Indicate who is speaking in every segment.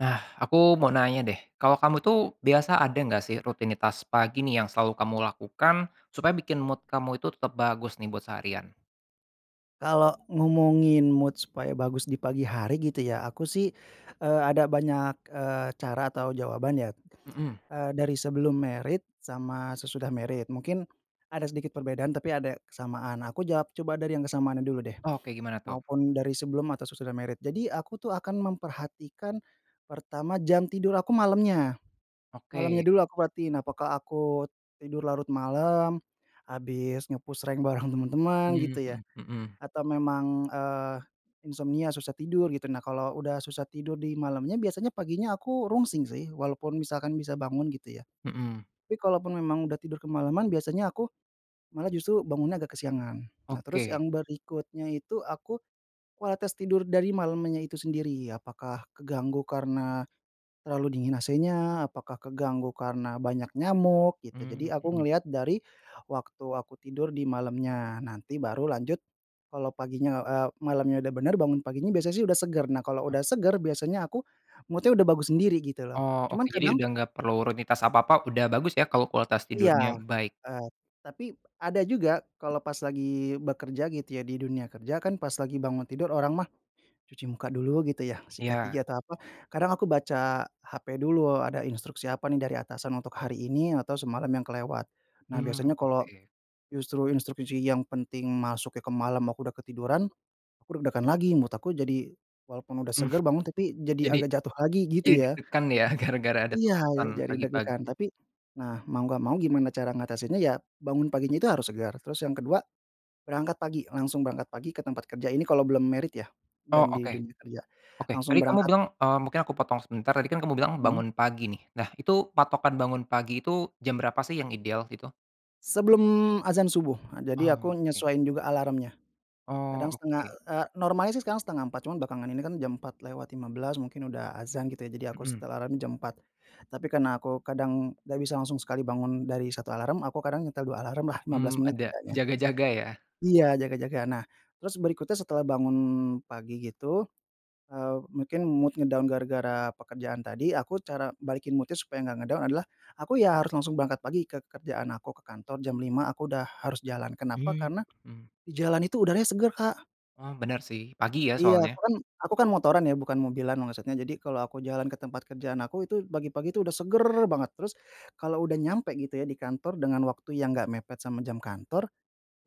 Speaker 1: Nah aku mau nanya deh kalo kamu tuh biasa ada nggak sih rutinitas pagi nih yang selalu kamu lakukan supaya bikin mood kamu itu tetap bagus nih buat seharian?
Speaker 2: Kalo ngomongin mood supaya bagus di pagi hari gitu ya aku sih, eee, ada banyak, eee, cara atau jawaban ya,
Speaker 1: Mhm.
Speaker 2: eee, dari sebelum married sama sesudah married, mungkin ada sedikit perbedaan tapi ada kesamaan, aku jawab coba dari yang kesamaannya dulu deh,
Speaker 1: Oke gimana tuh?
Speaker 2: maupun dari sebelum atau sesudah married. Jadi aku tuh akan memperhatikan pertama jam tidur aku malamnya.
Speaker 1: Oke.
Speaker 2: Malamnya dulu aku perhatiin, apakah aku tidur larut malem habis nge-push rank bareng temen-temen
Speaker 1: Mmm,
Speaker 2: gitu ya,
Speaker 1: mhm mhm.
Speaker 2: atau memang, eee, insomnia susah tidur gitu, nah kalau udah susah tidur di malamnya biasanya paginya aku rungsing sih, walaupun misalkan bisa bangun gitu ya.
Speaker 1: Mhm.
Speaker 2: Tapi kalaupun memang udah tidur kemalaman biasanya aku malah justru bangunnya agak kesiangan. Nah terus
Speaker 1: Oke.
Speaker 2: yang berikutnya itu aku, kualitas tidur dari malamnya itu sendiri, apakah keganggu karena terlalu dingin AC-nya, apakah keganggu karena banyak nyamuk gitu,
Speaker 1: Mmm
Speaker 2: jadi aku
Speaker 1: mhm.
Speaker 2: ngelihat dari waktu aku tidur di malamnya, nanti baru lanjut kalau paginya, eee, malamnya udah bener bangun paginya biasa sih udah seger, nah kalau udah seger biasanya aku mood-nya udah bagus sendiri gitu loh,
Speaker 1: Oh
Speaker 2: cuman
Speaker 1: oke, jadi
Speaker 2: kadang
Speaker 1: udah nggak perlu runitas apa-apa udah bagus ya kalau kualitas
Speaker 2: Iya,
Speaker 1: tidurnya baik.
Speaker 2: eee, tapi ada juga kalau pas lagi bekerja gitu ya, di dunia kerja kan pas lagi bangun tidur, orang mah cuci muka dulu gitu ya, sikat gigi,
Speaker 1: Iya.
Speaker 2: atau apa, kadang aku baca HP dulu, ada instruksi apa nih dari atasan untuk hari ini atau semalam yang kelewat. Nah
Speaker 1: Mmm
Speaker 2: biasanya kalo
Speaker 1: oke.
Speaker 2: justru instruksi yang penting masuknya ke malam aku udah ketiduran, aku deg-degan lagi mood aku jadi, walaupun udah
Speaker 1: Mmm.
Speaker 2: seger bangun, tapi jadi
Speaker 1: Jadi,
Speaker 2: agak jatuh lagi gitu
Speaker 1: jadi
Speaker 2: ya.
Speaker 1: deg-degan ya gara-gara ada
Speaker 2: Iya
Speaker 1: tuntutan
Speaker 2: jadi
Speaker 1: pagi-pagi.
Speaker 2: deg-degan, tapi nah mau nggak mau gimana cara ngatasinya, ya bangun paginya itu harus segar, terus yang ke-2 berangkat pagi, langsung berangkat pagi ke tempat kerja, ini kalau belum married ya
Speaker 1: Oh
Speaker 2: dan di
Speaker 1: oke.
Speaker 2: dunia kerja.
Speaker 1: Oke,
Speaker 2: Langsung
Speaker 1: tadi kamu
Speaker 2: berangkat.
Speaker 1: bilang, eee, mungkin aku potong sebentar, tadi kan kamu bilang
Speaker 2: Hmm.
Speaker 1: bangun pagi nih, nah itu patokan bangun pagi itu jam berapa sih yang ideal itu?
Speaker 2: Sebelum azan subuh, eee, jadi
Speaker 1: Oh
Speaker 2: aku
Speaker 1: oke.
Speaker 2: nyesuaiin juga alarmnya.
Speaker 1: Oh
Speaker 2: Kadang setengah,
Speaker 1: oke.
Speaker 2: eee, normalnya sih sekarang 03.30 cuma belakangan ini kan jam 04.15 mungkin udah azan gitu jadi aku
Speaker 1: Mhm.
Speaker 2: setel alarm jam 04.00. Tapi karena aku kadang nggak bisa langsung sekali bangun dari 1 alarm, aku kadang nyetel 2 alarmlah, 15
Speaker 1: Mmm
Speaker 2: menit
Speaker 1: ada?
Speaker 2: tidaknya.
Speaker 1: Jaga-jaga ya.
Speaker 2: Iya jaga-jaga, nah terus berikutnya setelah bangun pagi gitu, eee, mungkin mood nge-down gara-gara pekerjaan tadi, aku cara balikin mood-nya supaya nggak nge-down adalah aku ya harus langsung berangkat pagi ke kerjaan aku, ke kantor jam 05.00 aku udah harus jalan, kenapa
Speaker 1: Mmm
Speaker 2: karena
Speaker 1: hmm.
Speaker 2: di jalan itu udaranya seger, Kak.
Speaker 1: Oh bener sih, pagi ya
Speaker 2: Iya
Speaker 1: soalnya.
Speaker 2: aku kan aku kan motoran ya, bukan mobilan, maksudnya jadi kalau aku jalan ke tempat kerjaan aku, itu pagi-pagi tuh udah seger banget, terus kalau udah nyampe gitu ya di kantor dengan waktu yang nggak mepet sama jam kantor,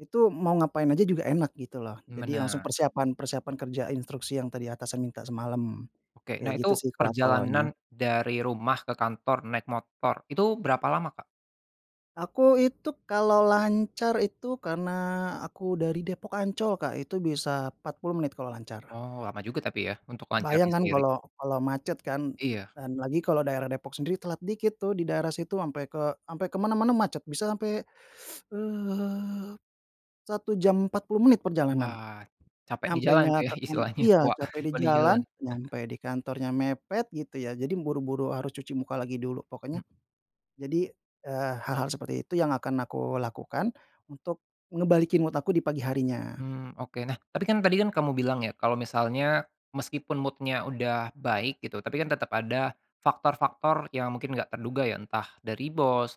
Speaker 2: itu mau ngapain aja juga enak gitu loh,
Speaker 1: Mmm
Speaker 2: jadi langsung
Speaker 1: bener.
Speaker 2: persiapan persiapan kerja instruksi yang tadi atasan minta semalam.
Speaker 1: Oke, nah
Speaker 2: Kayak gitu
Speaker 1: itu
Speaker 2: sih kalo aku awalnya.
Speaker 1: perjalanan dari rumah ke kantor naik motor, itu berapa lama Kak?
Speaker 2: Aku itu kalau lancar itu karena aku dari Depok- Ancol, Kak, itu bisa 40 menit kalau lancar.
Speaker 1: Oh, lama juga tapi, ya, untuk lancarnya
Speaker 2: Kebayang, kan,
Speaker 1: sendiri.
Speaker 2: kalau kalau macet, kan,
Speaker 1: Iya.
Speaker 2: dan lagi kalau daerah Depok sendiri telat dikit, tuh, di daerah situ ampe ke ampe ke mana-mana macet, bisa sampai, eee, 1 jam 40 menit perjalanan,
Speaker 1: Wah, capek di jalan, tuh,
Speaker 2: nyampenya
Speaker 1: ya,
Speaker 2: ke kan
Speaker 1: istilahnya
Speaker 2: iya,
Speaker 1: tua,
Speaker 2: capek di
Speaker 1: tua di
Speaker 2: jalan,
Speaker 1: jalan.
Speaker 2: nyampe di kantornya mepet, gitu, ya, jadi buru-buru harus cuci muka lagi dulu, pokoknya
Speaker 1: Mhm.
Speaker 2: jadi, eee, hal-hal seperti itu yang akan aku lakukan untuk ngembalikin mood aku di pagi harinya.
Speaker 1: Mmm, oke. Nah, tapi, kan, tadi, kan, kamu bilang, ya, kalau misalnya, meski pun mood-nya udah baik, gitu, tapi, kan, tetap ada faktor-faktor yang mungkin nggak terduga, ya, entah dari bos,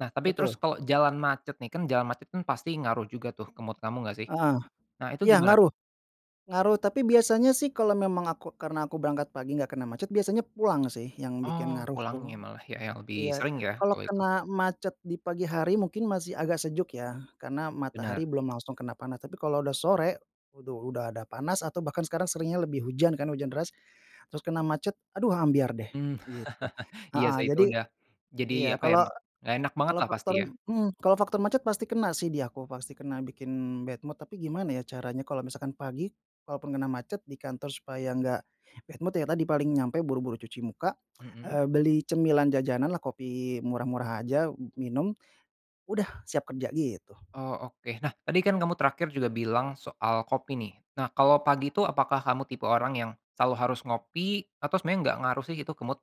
Speaker 1: nah, tapi terus
Speaker 2: Betul.
Speaker 1: kalau jalan macet, nih, kan, jalan macet, kan, pasti ngaruh juga, tuh, ke mood kamu nggak, sih?
Speaker 2: Heeh,
Speaker 1: Nah, itu
Speaker 2: iya
Speaker 1: gimana,
Speaker 2: ngaruh,
Speaker 1: tuh?
Speaker 2: ngaruh, tapi biasanya, sih, kalau memang aku karena aku berangkat pagi nggak kena macet, biasanya pulang, sih, yang bikin
Speaker 1: Oh,
Speaker 2: ngaruh, tuh.
Speaker 1: pulangnya malah, ya, yang
Speaker 2: Iya,
Speaker 1: lebih sering, ya,
Speaker 2: kalau
Speaker 1: kalau itu.
Speaker 2: kena macet di pagi hari mungkin masih agak sejuk, ya, karena
Speaker 1: Benar.
Speaker 2: matahari belum langsung kena panas, tapi kalau udah sore, aduh, udah ada panas atau bahkan sekarang seringnya lebih hujan, kan, hujan deras, terus kena macet, aduh, ambyar, deh,
Speaker 1: Mmm,
Speaker 2: gitu.
Speaker 1: iya,
Speaker 2: Heeh,
Speaker 1: sih, itu
Speaker 2: jadi
Speaker 1: udah jadi
Speaker 2: iya,
Speaker 1: apa, ya,
Speaker 2: kalau
Speaker 1: nggak enak banget,
Speaker 2: kalau
Speaker 1: lah, pasti,
Speaker 2: faktor,
Speaker 1: ya.
Speaker 2: mmm, kalau faktor macet pasti kena, sih, di aku, pasti kena, bikin bad mood, tapi gimana, ya, caranya kalau misalkan pagi, kalau pun kena macet di kantor supaya nggak bad mood, ya, tadi, paling nyampe buru-buru cuci muka,
Speaker 1: Mhm.
Speaker 2: eee, beli cemilan, jajanan, lah, kopi murah-murah aja, minum, udah, siap kerja, gitu.
Speaker 1: Oh, oke. Nah, tadi, kan, kamu terakhir juga bilang soal kopi, nih, nah, kalau pagi, tuh, apakah kamu tipe orang yang selalu harus ngopi, atau sebenarnya nggak ngaruh, gitu, ke mood?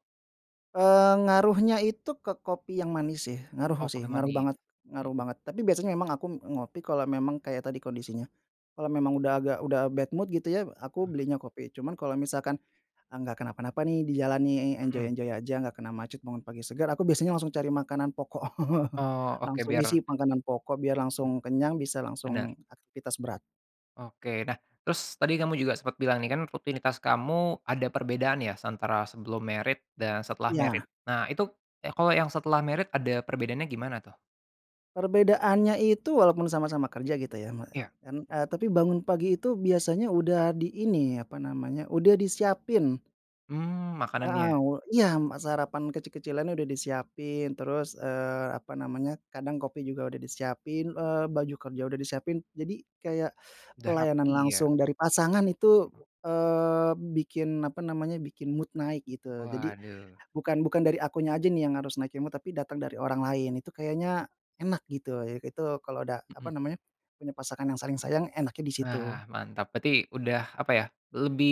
Speaker 2: Eee, ngaruhnya itu ke kopi yang manis, sih,
Speaker 1: Oh,
Speaker 2: ngaruh, sih,
Speaker 1: kopi
Speaker 2: ngaruh
Speaker 1: manis,
Speaker 2: banget ngaruh
Speaker 1: mhm.
Speaker 2: banget. Tapi biasanya memang aku ngopi kalau memang kayak tadi kondisinya, kalau memang udah agak udah bad mood, gitu, ya, aku belinya kopi, cuman kalau misalkan enggak kenapa-napa, nih, di jalan, nih,
Speaker 1: Mhm.
Speaker 2: enjoy-enjoy aja, enggak kena macet, bangun pagi segar, aku biasanya langsung cari makanan pokok,
Speaker 1: Oh, oke
Speaker 2: langsung isi
Speaker 1: biar
Speaker 2: makanan pokok biar langsung kenyang, bisa
Speaker 1: Benar.
Speaker 2: langsung aktivitas berat.
Speaker 1: Oke. Nah, terus tadi kamu juga sempat bilang, nih, kan, rutinitas kamu ada perbedaan, ya, antara sebelum married dan setelah married.
Speaker 2: Iya.
Speaker 1: Nah, itu y kalau yang setelah married ada perbedaannya gimana, tuh?
Speaker 2: Perbedaannya itu walaupun sama-sama kerja, gitu, ya, me
Speaker 1: Iya.
Speaker 2: mmm, eee, tapi bangun pagi itu biasanya udah di ini, apa namanya, udah disiapin.
Speaker 1: Mmm,
Speaker 2: Heeh,
Speaker 1: makanannya.
Speaker 2: u iya ma sarapan kecil-kecilan udah disiapin. Terus, eee, apa namanya, kadang kopi juga udah disiapin, eee, baju kerja udah disiapin, jadi kayak
Speaker 1: Udah
Speaker 2: pelayanan
Speaker 1: rapi, ya.
Speaker 2: langsung dari pasangan itu, eee, bikin apa namanya, bikin mood naik, gitu. Jadi
Speaker 1: Waduh.
Speaker 2: bukan bukan dari akunya aja, nih, yang harus naikin mood, tapi datang dari orang lain, itu kayaknya enak, gitu. Jadi Itu kalau udah, apa
Speaker 1: Mhm.
Speaker 2: namanya, punya pasangan yang saling sayang enaknya di situ.
Speaker 1: Nah, mantap, berarti udah apa, ya, lebih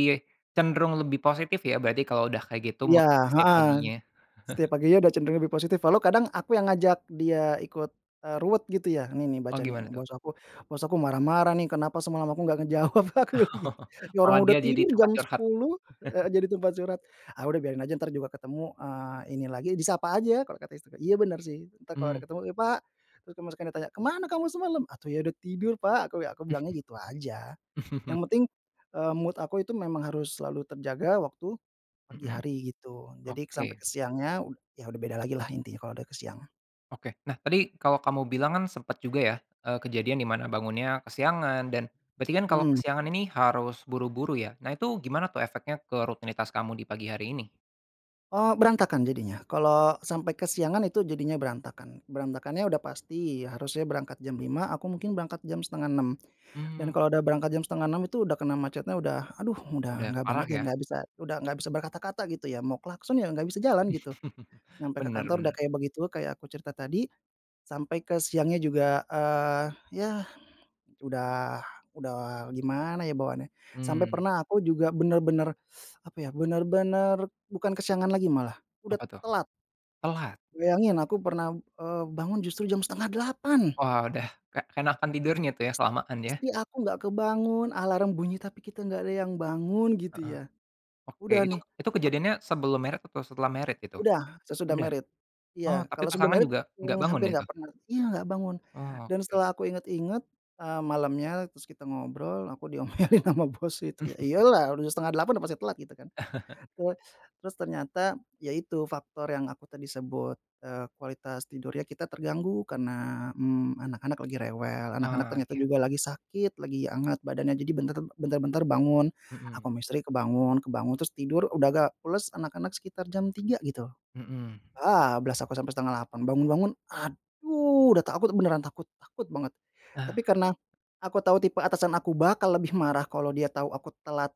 Speaker 1: cenderung lebih positif, ya, berarti kalau udah kayak gitu
Speaker 2: Iya,
Speaker 1: mood setiap
Speaker 2: heeh,
Speaker 1: paginya.
Speaker 2: setiap paginya udah cenderung lebih positif walau kadang aku yang ngajak dia ikut, eee, ruwet, gitu, ya, "Ini, nih,
Speaker 1: Oh,
Speaker 2: baca, nih,
Speaker 1: gimana, tuh?
Speaker 2: bos aku bos aku marah-marah, nih, kenapa semalam aku nggak ngejawab." Aku bilang
Speaker 1: Oh.
Speaker 2: gitu. Ya,
Speaker 1: Malah
Speaker 2: orang
Speaker 1: dia
Speaker 2: udah
Speaker 1: jadi
Speaker 2: tidur
Speaker 1: tempat
Speaker 2: jam
Speaker 1: curhat.
Speaker 2: 10.00, eee, jadi tempat curhat, "Ah, udah biarin aja, ntar juga ketemu, eee, ini lagi, disapa aja." Kalau kata istriku. Iya, benar, sih, ntar kalau ada
Speaker 1: Mmm.
Speaker 2: ketemu "Ya, Pak." Terus kamu sekarang ditanya, "Ke mana kamu semalam?" "Atuh, ya, udah tidur, Pak" aku bila aku bilangnya gitu aja. Yang penting, eee, mood aku itu memang harus selalu terjaga waktu pagi
Speaker 1: Mhm,
Speaker 2: hari, gitu, jadi
Speaker 1: oke.
Speaker 2: sampai ke siangnya, ya, udah beda lagi, lah, intinya kalau ada ke siangan.
Speaker 1: Oke. Nah, tadi kalau kamu bilang, kan, sempat juga, ya, eee, kejadian di mana bangunnya kesiangan dan berarti, kan, kalau
Speaker 2: Mmm.
Speaker 1: kesiangan ini harus buru-buru, ya, nah, itu gimana, tuh, efeknya ke rutinitas kamu di pagi hari ini?
Speaker 2: Oh, berantakan jadinya, kalau sampai kesiangan itu jadinya, berantakan. Berantakannya udah pasti harusnya berangkat jam 5.00, aku mungkin berangkat jam 05.30, dan
Speaker 1: Mmm.
Speaker 2: kalau udah berangkat jam 5.30 itu udah kena macetnya udah, aduh,
Speaker 1: Udah
Speaker 2: udah nggak banget,
Speaker 1: parah,
Speaker 2: ya,
Speaker 1: ya?
Speaker 2: nggak bisa, udah nggak bisa berkata-kata, gitu, ya, mau klakson, ya, nggak bisa jalan, gitu, nyampe ke
Speaker 1: Benar
Speaker 2: kantor udah
Speaker 1: benar.
Speaker 2: kayak begitu, kayak aku cerita tadi, sampai ke siangnya juga, eee, ya, udah udah gimana, ya, bawaannya. Sampai
Speaker 1: Mmm.
Speaker 2: pernah aku juga benar-benar apa, ya, benar-benar bukan kesiangan lagi, malah, udah
Speaker 1: Apa, tuh?
Speaker 2: telat.
Speaker 1: Telat.
Speaker 2: Bayangin aku pernah, eee, bangun justru jam 07.30.
Speaker 1: Wah, udah, ke keenakan tidurnya, tuh, ya,
Speaker 2: Is
Speaker 1: kelamaan, ya.
Speaker 2: istri aku nggak kebangun, alarm bunyi tapi kita nggak ada yang bangun, gitu,
Speaker 1: Heeh.
Speaker 2: ya.
Speaker 1: Oke.
Speaker 2: Udah,
Speaker 1: Itu
Speaker 2: nih,
Speaker 1: itu
Speaker 2: ak
Speaker 1: kejadiannya sebelum married atau setelah married itu?
Speaker 2: Udah, sesudah
Speaker 1: Udah?
Speaker 2: married.
Speaker 1: Oh,
Speaker 2: Iya,
Speaker 1: tapi
Speaker 2: kalau sebelum
Speaker 1: pasangan
Speaker 2: married,
Speaker 1: juga nggak
Speaker 2: eee,
Speaker 1: bangun,
Speaker 2: hampir
Speaker 1: ya, itu?
Speaker 2: nggak pernah iya, nggak bangun,
Speaker 1: Oh,
Speaker 2: dan
Speaker 1: oke.
Speaker 2: setelah aku ingat-ingat, eee, malamnya terus kita ngobrol aku diomelin ama bos itu, ya, iya, lah, udah 7.30, pasti telat, gitu, kan. Te terus ternyata, ya, itu, faktor yang aku tadi sebut, eee, kualitas tidurnya kita terganggu karena, mmm, anak-anak lagi rewel, anak-anak
Speaker 1: Oh,
Speaker 2: ternyata
Speaker 1: iya.
Speaker 2: juga lagi sakit, lagi hangat badannya, jadi bentar bentar-bentar bangun, aku
Speaker 1: Mhm.
Speaker 2: ama istri kebangun kebangun terus tidur, udah agak pules, anak-anak sekitar jam 3.00, gitu,
Speaker 1: Mhm.
Speaker 2: bablas aku sampai 7.30, bangun-bangun, aduh, udah takut, beneran takut takut banget.
Speaker 1: Ah.
Speaker 2: Tapi karena aku tau tipe atasan aku bakal lebih marah kalau dia tau aku telat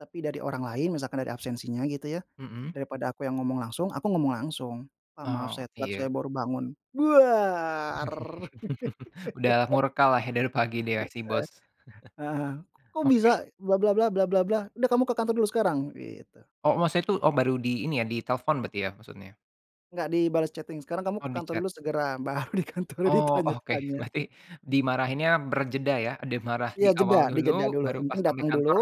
Speaker 2: tapi dari orang lain, misalkan dari absensinya, gitu, ya,
Speaker 1: Mhm.
Speaker 2: daripada aku yang ngomong langsung, aku ngomong langsung, "Pak, maaf
Speaker 1: Oh,
Speaker 2: saya telat,
Speaker 1: iya.
Speaker 2: saya baru bangun." Duar.
Speaker 1: Udah murka, lah, ya, dari pagi, deh, si
Speaker 2: Heeh,
Speaker 1: Bos.
Speaker 2: heeh. "Kok bisa?
Speaker 1: Oke.
Speaker 2: Blah blah blah, blah blah blah. Udah kamu ke kantor dulu sekarang." Gitu.
Speaker 1: Oh, maksudku oh, baru di ini, ya, ditelepon berarti, ya, maksudnya?
Speaker 2: Nggak dibalas chatting, "Sekarang kamu
Speaker 1: Oh,
Speaker 2: ke kantor
Speaker 1: di-chat.
Speaker 2: dulu segera!" Baru di kantor
Speaker 1: Oh, oke,
Speaker 2: ditanya-tanya.
Speaker 1: berarti dimarahinnya berjeda, ya, dia marah
Speaker 2: Iya,
Speaker 1: di
Speaker 2: jeda,
Speaker 1: awal
Speaker 2: dijeda
Speaker 1: dulu
Speaker 2: dulu.
Speaker 1: baru
Speaker 2: Yang
Speaker 1: pas
Speaker 2: penting
Speaker 1: sampai
Speaker 2: datang dulu.
Speaker 1: kantor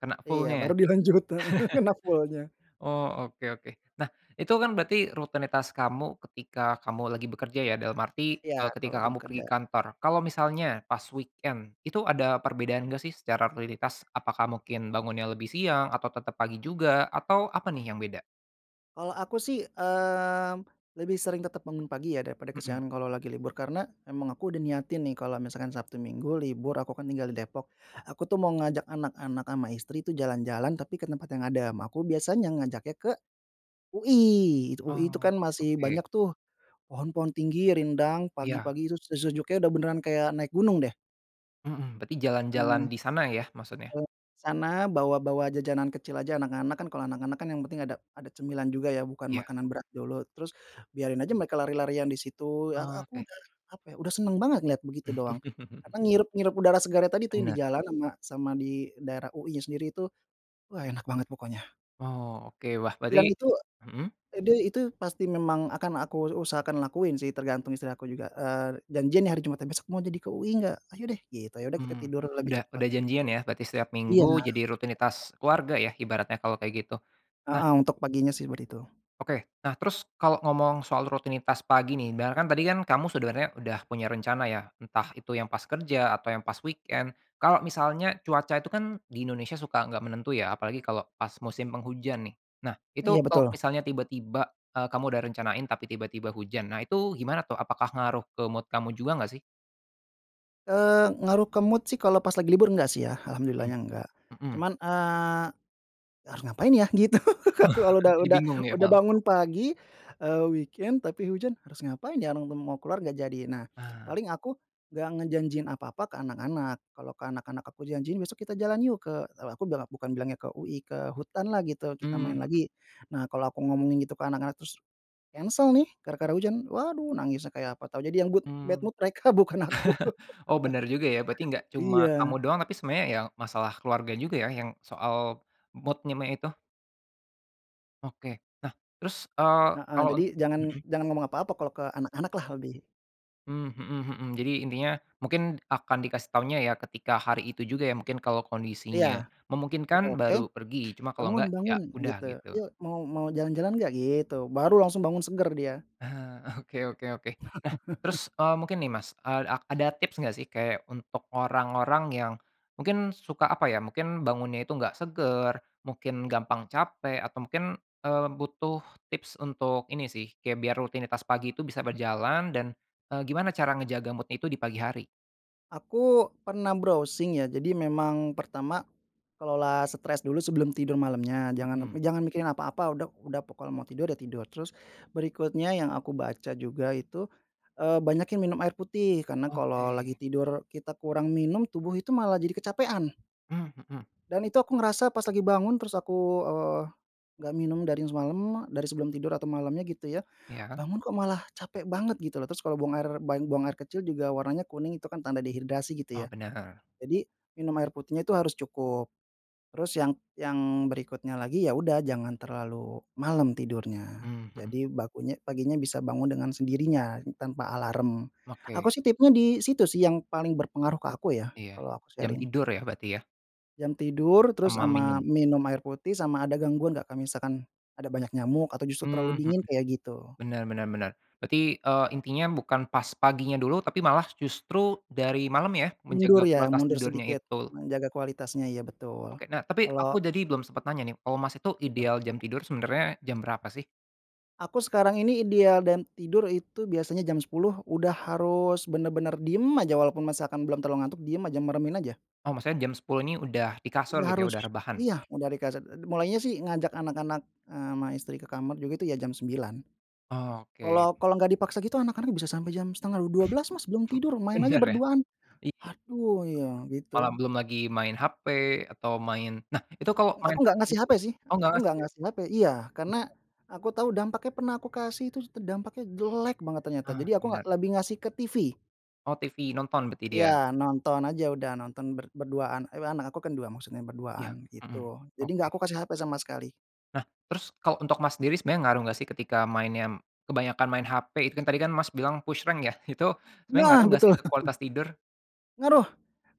Speaker 1: kena
Speaker 2: Iya,
Speaker 1: full-nya.
Speaker 2: baru dilanjut heeh, kena full-nya.
Speaker 1: Oh, oke oke. Nah, itu, kan, berarti rutinitas kamu ketika kamu lagi bekerja, ya, dalam arti,
Speaker 2: Iya,
Speaker 1: eee,
Speaker 2: kalau
Speaker 1: ketika
Speaker 2: lagi
Speaker 1: kamu pergi
Speaker 2: bekerja.
Speaker 1: kantor. Kalau misalnya pas weekend, itu ada perbedaan nggak, sih, secara rutinitas? Apakah mungkin bangunnya lebih siang atau tetap pagi juga, atau apa, nih, yang beda?
Speaker 2: Kalau aku sih, eee, lebih sering tetep bangun pagi ya daripada
Speaker 1: Mhm.
Speaker 2: kesiangan kalau lagi libur, karena memang aku udah niatin nih kalau misalkan Sabtu Minggu libur, aku kan tinggal di Depok, aku tuh mau ngajak anak-anak sama istri itu jalan-jalan, tapi ke tempat yang adem. Aku biasanya ngajaknya ke UI. UI itu
Speaker 1: Oh,
Speaker 2: kan masih
Speaker 1: oke.
Speaker 2: banyak tuh pohon-pohon tinggi, rindang,
Speaker 1: Iya.
Speaker 2: pagi-pagi itu se sejuknya udah beneran kayak naik gunung deh.
Speaker 1: Mhm. Berarti
Speaker 2: Mmm.
Speaker 1: jalan-jalan di sana ya maksudnya?
Speaker 2: Eee, sana bawa-bawa jajanan kecil aja, anak-anak kan, kalau anak-anak kan yang penting ada ada cemilan juga ya, bukan
Speaker 1: Ya.
Speaker 2: makanan berat dulu, terus biarin aja mereka lari-larian di situ ya,
Speaker 1: Oh,
Speaker 2: aku
Speaker 1: oke.
Speaker 2: udah, apa ya, senang banget ngelihat begitu doang. Karena ngirep ngirup udara segarnya tadi tuh yang di
Speaker 1: Bener.
Speaker 2: jalan, ama sama di daerah UI-nya sendiri itu, wah enak banget pokoknya.
Speaker 1: Wow, oke. Wah berarti
Speaker 2: Dan itu
Speaker 1: mhm?
Speaker 2: eee, dia itu pasti memang akan aku usahakan lakuin sih tergantung istri aku juga, eee, janjian nih hari Jumatnya, "Besok mau jadi UI enggak? Ayo deh," gitu. Ya udah kita
Speaker 1: Mmm,
Speaker 2: tidur lebih
Speaker 1: udah
Speaker 2: cepat.
Speaker 1: udah janjian ya berarti setiap Minggu
Speaker 2: Iya.
Speaker 1: jadi
Speaker 2: [unintelligible]
Speaker 1: rutinitas keluarga ya ibaratnya kalau kayak gitu. Nah
Speaker 2: Heeh, untuk paginya seperti itu.
Speaker 1: Oke, nah terus kalau ngomong soal rutinitas pagi nih, dar kan tadi kan kamu sebenarnya udah punya rencana ya, entah itu yang pas kerja atau yang pas weekend. Kalau misalnya cuaca itu kan di Indonesia suka enggak menentu ya, apalagi kalau pas musim penghujan nih. Nah itu
Speaker 2: Iya
Speaker 1: tok
Speaker 2: betul.
Speaker 1: misalnya tiba-tiba, eee, kamu udah rencanain tapi tiba-tiba hujan, nah itu gimana tuh? Apakah ngaruh ke mood kamu juga nggak sih?
Speaker 2: Eee, ngaruh ke mood sih kalau pas lagi libur nggak sih ya,
Speaker 1: Mhm,
Speaker 2: alhamdulillahnya nggak.
Speaker 1: mhm.
Speaker 2: Cuman, eee, "Harus ngapain ya?" Gitu kalau lo udah
Speaker 1: Jadi
Speaker 2: udah,
Speaker 1: bingung ya
Speaker 2: udah
Speaker 1: malah.
Speaker 2: bangun pagi, eee, weekend tapi hujan, harus ngapain ya? No no mau keluar nggak jadi. Nah
Speaker 1: Ah.
Speaker 2: paling aku gak ngejanjiin apa-apa ke anak-anak. Kalau ke anak-anak aku janjiin, besok kita jalan yuk ke kalau aku bela bukan bilangnya ke UI, ke hutanlah gitu, kita
Speaker 1: Mmm,
Speaker 2: main
Speaker 1: mhm.
Speaker 2: lagi. Nah kalau aku ngomongin gitu ke anak-anak, terus cancel nih gara-gara hujan, waduh, nangis kayak apa tahu, jadi yang good bad
Speaker 1: Mmm.
Speaker 2: mood mereka, bukan aku.
Speaker 1: Oh bener juga ya, berarti gak cuma kamu
Speaker 2: Iya.
Speaker 1: doang, tapi sebenarnya ya masalah keluarga juga ya yang soal mood-nya me itu. Oke, nah terus, eee,
Speaker 2: Heeh.
Speaker 1: kalau
Speaker 2: Jadi,
Speaker 1: unt
Speaker 2: jangan
Speaker 1: mhm?
Speaker 2: jangan ngomong apa-apa kalau ke anak-anaklah lebih.
Speaker 1: Mmm, mhm mhm. Jadi intinya mungkin akan dikasih taunya ya ketika hari itu juga ya, mungkin kalau
Speaker 2: Iya.
Speaker 1: kondisinya
Speaker 2: Udah
Speaker 1: memungkinkan,
Speaker 2: oke,
Speaker 1: baru pergi, cuma kalau
Speaker 2: "Bangun
Speaker 1: nggak ya
Speaker 2: bangun,"
Speaker 1: udah,
Speaker 2: gitu,
Speaker 1: gitu.
Speaker 2: "ayo mau mau jalan-jalan gak?" gitu. Baru langsung bangun seger dia.
Speaker 1: Ah, oke oke oke. Nah terus, eee, mungkin nih Mas, eee, a ada tips gak sih kayak untuk orang-orang yang mungkin suka apa ya, mungkin bangunnya itu nggak seger, mungkin gampang capek, atau mungkin, eee, butuh tips untuk ini sih, kayak biar rutinitas pagi itu bisa berjalan dan, eee, gimana cara ngejaga mood-nya itu di pagi hari?
Speaker 2: Aku pernah browsing ya, jadi memang pertama kelola stres dulu sebelum tidur malamnya, jangan me
Speaker 1: Mhm.
Speaker 2: jangan mikirin apa-apa udah udah pokoknya mau tidur, ya tidur. Terus berikutnya yang aku baca juga itu, eee, banyakin minum air putih karena kalau lagi
Speaker 1: Oke.
Speaker 2: tidur kita kurang minum, tubuh itu malah jadi kecapekan.
Speaker 1: Mmm, mhm.
Speaker 2: Dan itu aku ngerasa pas lagi bangun terus aku, eee, gak minum dari semalam, dari sebelum tidur atau malamnya gitu ya,
Speaker 1: Ya?
Speaker 2: bangun kok malah capek banget gitu loh. Terus kalau buang air, ban buang air kecil juga warnanya kuning itu kan tanda dehidrasi
Speaker 1: Oh
Speaker 2: gitu ya.
Speaker 1: bener.
Speaker 2: Jadi minum air putihnya itu harus cukup. Terus yang yang berikutnya lagi, ya udah jangan terlalu malam tidurnya,
Speaker 1: Mmm, mhm.
Speaker 2: jadi bakunya paginya bisa bangun dengan sendirinya tanpa alarm.
Speaker 1: Oke.
Speaker 2: Aku sih tipnya di situ sih yang paling berpengaruh ke aku ya.
Speaker 1: Iya.
Speaker 2: Kalo aku
Speaker 1: Jam
Speaker 2: sharing.
Speaker 1: tidur ya berarti ya?
Speaker 2: Jam tidur, terus
Speaker 1: Sama
Speaker 2: sama
Speaker 1: minum.
Speaker 2: minum air putih, sama ada gangguan enggak, kak misalkan ada banyak nyamuk atau justru terlalu
Speaker 1: Mmm, mhm.
Speaker 2: dingin, kayak gitu.
Speaker 1: Bener bener bener, berarti, eee, intinya bukan pas paginya dulu, tapi malah justru dari malam ya,
Speaker 2: Mundur
Speaker 1: menjaga
Speaker 2: ya?
Speaker 1: kualitas
Speaker 2: Mundur
Speaker 1: tidurnya
Speaker 2: sedikit
Speaker 1: itu.
Speaker 2: menjaga kualitasnya iya betul.
Speaker 1: Oke. Nah tapi
Speaker 2: Kalau
Speaker 1: aku dadi belum sempat nanya nih, kalo Mas itu
Speaker 2: Gitu.
Speaker 1: ideal jam tidur sebenarnya jam berapa sih?
Speaker 2: Aku sekarang ini ideal dan tidur itu biasanya jam 10.00 udah harus benar-benar diem aja, walaupun misalkan belum terlalu ngantuk diem aja, meremin aja.
Speaker 1: Oh maksudnya jam 10.00 ini udah di kasur
Speaker 2: Udah
Speaker 1: gitu ya,
Speaker 2: harus.
Speaker 1: udah rebahan?
Speaker 2: Iya, udah di kaset. Eee, d mulainya sih ngajak anak-anak, eee, ama istri ke kamar juga itu ya jam 9.00.
Speaker 1: Oh oke.
Speaker 2: Kalau kalau nggak dipaksa gitu anak-anak bisa sampai jam setengah d dua belas Mas belum tidur, main aja
Speaker 1: Bener ya.
Speaker 2: berduaan.
Speaker 1: Iya.
Speaker 2: "Aduh," ya,
Speaker 1: Malam,
Speaker 2: gitu.
Speaker 1: belum lagi main HP, atau main nah itu tuh kalau
Speaker 2: Eee, aku
Speaker 1: main
Speaker 2: nggak
Speaker 1: HP
Speaker 2: ngasih
Speaker 1: gitu
Speaker 2: HP sih,
Speaker 1: oh gak
Speaker 2: aku
Speaker 1: ngasih
Speaker 2: nggak
Speaker 1: ya?
Speaker 2: ngasih HP iya. Karena
Speaker 1: [unintelligible]
Speaker 2: aku tahu dampaknya pernah aku kasih terus tuh dampaknya jelek banget ternyata,
Speaker 1: Ah,
Speaker 2: jadi aku nggak
Speaker 1: bener.
Speaker 2: lebih ngasih ke TV.
Speaker 1: Oh, TV. Nonton berarti
Speaker 2: Iya
Speaker 1: dia?
Speaker 2: nonton aja, udah nonton, ber berduaan, ewa anak aku kan 2, maksudnya berduaan
Speaker 1: Ya,
Speaker 2: gitu.
Speaker 1: mhm,
Speaker 2: Jadi enggak
Speaker 1: oke.
Speaker 2: aku kasih HP sama sekali.
Speaker 1: Nah terus, kalo untuk Mas sendiri sebenernya ngaruh gak sih ketika mainnya, kebanyakan main HP itu kan tadi kan Mas bilang push rank ya? Itu sebenernya ngaruh
Speaker 2: Nah!
Speaker 1: gak
Speaker 2: Betul.
Speaker 1: sih ke kualitas tidur?
Speaker 2: Ngaruh!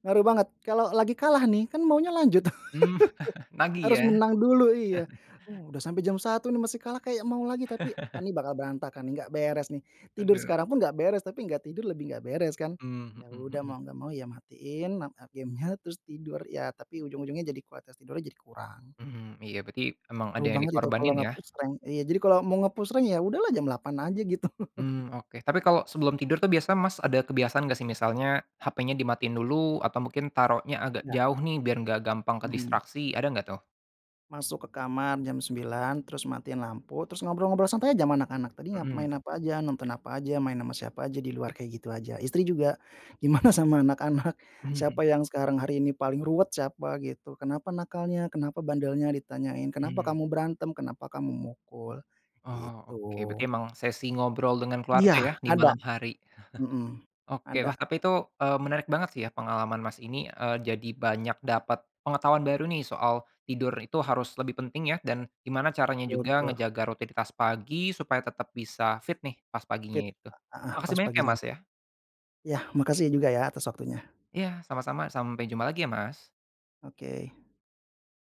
Speaker 2: Ngaruh banget. Kalau lagi kalah nih, kan maunya lanjut.
Speaker 1: Mmm, nagih
Speaker 2: Harus
Speaker 1: ya?
Speaker 2: menang dulu, iya. Uh, udah sampai jam 1.00 nih masih kalah kayak mau lagi, tapi eee, nih bakal berantakan nih, nggak beres nih, tidur
Speaker 1: Bener.
Speaker 2: sekarang pun nggak beres, tapi nggak tidur lebih nggak beres kan?
Speaker 1: Mmm,
Speaker 2: Ya
Speaker 1: mhm
Speaker 2: udah
Speaker 1: mhm.
Speaker 2: mau gak mau ya matiin, mat eee, gamenya terus tidur ya, tapi ujung-ujungnya jadi kualitas tidurnya jadi kurang.
Speaker 1: Mhm, iya berarti emang ada
Speaker 2: Ngaruh
Speaker 1: yang
Speaker 2: banget itu kalau
Speaker 1: dikorbanin ya?
Speaker 2: nge-push rank. Iya, jadi kalau mau nge-push rank ya udahlah jam 8.00 aja gitu.
Speaker 1: Mmm, oke. Tapi kalau sebelum tidur tuh biasa Mas ada kebiasaan gak sih misalnya HP-nya dimatiin dulu, atau mungkin taruhnya agak
Speaker 2: Ya.
Speaker 1: jauh nih biar gak gampang
Speaker 2: Mhm.
Speaker 1: kedistraksi, ada gak tuh?
Speaker 2: Masuk ke kamar jam 9.00, terus matiin lampu, terus ngobrol-ngobrol santai aja ma anak-anak, "Tadi ngap
Speaker 1: Mhm.
Speaker 2: main apa aja? Nonton apa aja? Main ama siapa aja di luar?" Kayak gitu aja. Istri juga, "Gimana sama anak-anak?
Speaker 1: Mmm
Speaker 2: Siapa
Speaker 1: mhm.
Speaker 2: yang sekarang hari ini paling ruwet? Siapa," gitu, "kenapa nakalnya? Kenapa bandelnya?" ditanyain. "Kenapa
Speaker 1: Hmm.
Speaker 2: kamu berantem? Kenapa kamu mukul?"
Speaker 1: Oh oke berarti
Speaker 2: gitu.
Speaker 1: emang sesi ngobrol dengan keluarga
Speaker 2: Iya!
Speaker 1: ya di
Speaker 2: Ada.
Speaker 1: malam hari.
Speaker 2: Mhm.
Speaker 1: Oke,
Speaker 2: Ada.
Speaker 1: wah tapi itu, eee, menarik banget sih ya pengalaman Mas ini, eee, jadi banyak dapat pengetahuan baru nih soal tidur itu harus lebih penting ya, dan gimana caranya
Speaker 2: Betul
Speaker 1: juga
Speaker 2: betul.
Speaker 1: ngejaga rutinitas pagi supaya tetap bisa fit nih pas
Speaker 2: Fit.
Speaker 1: paginya itu.
Speaker 2: Eee, heeh,
Speaker 1: Makasih
Speaker 2: pas
Speaker 1: banyak ya,
Speaker 2: paginya.
Speaker 1: Mas, ya.
Speaker 2: Ya, makasih ya juga ya atas waktunya.
Speaker 1: Iya sama-sama. Sampai jumpa lagi ya Mas
Speaker 2: Oke.